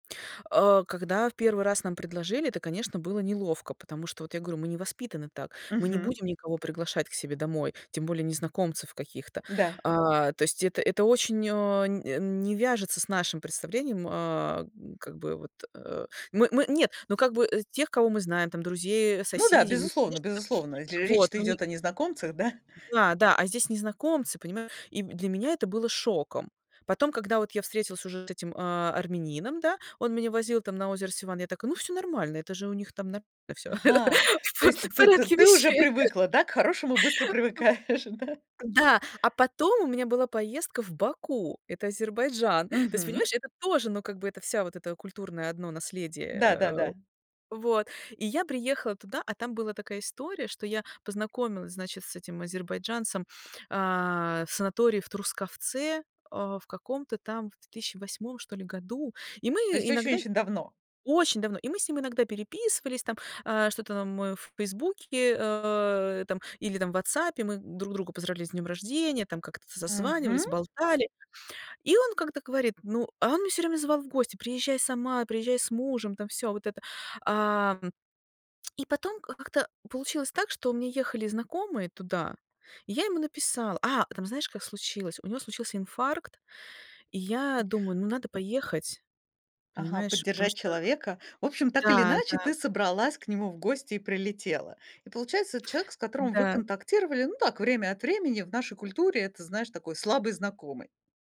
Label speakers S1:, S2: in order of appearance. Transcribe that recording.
S1: А, когда в первый раз нам предложили, это, конечно, было неловко, потому что, вот я говорю, мы не воспитаны так, мы не
S2: Мгм.
S1: будем никого приглашать к себе домой, тем более незнакомцев каких-то.
S2: Да.
S1: А, то есть это это очень а нь э не вяжется с нашим представлением, а, м, как бы вот, э э Мы мы нет, ну, как бы э тех, кого мы знаем, там друзей, э,
S2: Ну да,
S1: соседей, мы,
S2: безусловно
S1: конечно, там.
S2: безусловно. Дл
S1: Вот
S2: речь-то
S1: мы ни
S2: идёт о незнакомцах, да?
S1: Да-да, а здесь незнакомцы, понимаешь? И для меня это было шоком. Потом, когда вот я встретилась уже с этим, а, армянином, да, он меня возил там на озеро Севан. Я такая: "Ну, всё нормально, это же у них там нормально всё,
S2: Ага,
S1: в
S2: то
S1: по
S2: есть и
S1: в
S2: ты ты
S1: порядке
S2: ты уже
S1: вещей".
S2: привыкла, да? К хорошему быстро привыкаешь, да?
S1: Да, а потом у меня была поездка в Баку, это Азербайджан. То есть,
S2: Мгм.
S1: понимаешь, это тоже, ну, как бы, это вся вот это культурное одно наследие, э.
S2: Да-да-да.
S1: Вот, и я приехала туда, а там была такая история, что я познакомилась, значит, с этим азербайджанцем, а, в санатории в Трускавце, а, в каком-то там в 2008 что ли году, и мы
S2: То есть очень
S1: иногда сь
S2: очень давно.
S1: очень давно. И мы с ним иногда переписывались там, а, что-то нам эф в "Фейсбуке", а, там или там в "Ватсапе" мы друг друга поздравляли с днём рождения, там как-то
S2: Мгм.
S1: созванивались, болтали. И он как-то говорит, ну а он меня всё время звал в гости: "Приезжай сама, приезжай с мужем". Там всё вот это. Ам, и потом, а, как-то получилось так, что у меня ехали знакомые туда, и я ему написала А, там знаешь, как случилось: у него случился инфаркт, и я думаю, ну, надо поехать,
S2: Ага,
S1: понимаешь, потому
S2: поддержать
S1: что
S2: человека. В общем, так или
S1: Да,
S2: иначе,
S1: да.
S2: ты собралась к нему в гости и прилетела. И получается, эт человек, с которым вы
S1: Да.
S2: контактировали, ну так, время от времени. В нашей культуре это, знаешь, такой слабый знакомый.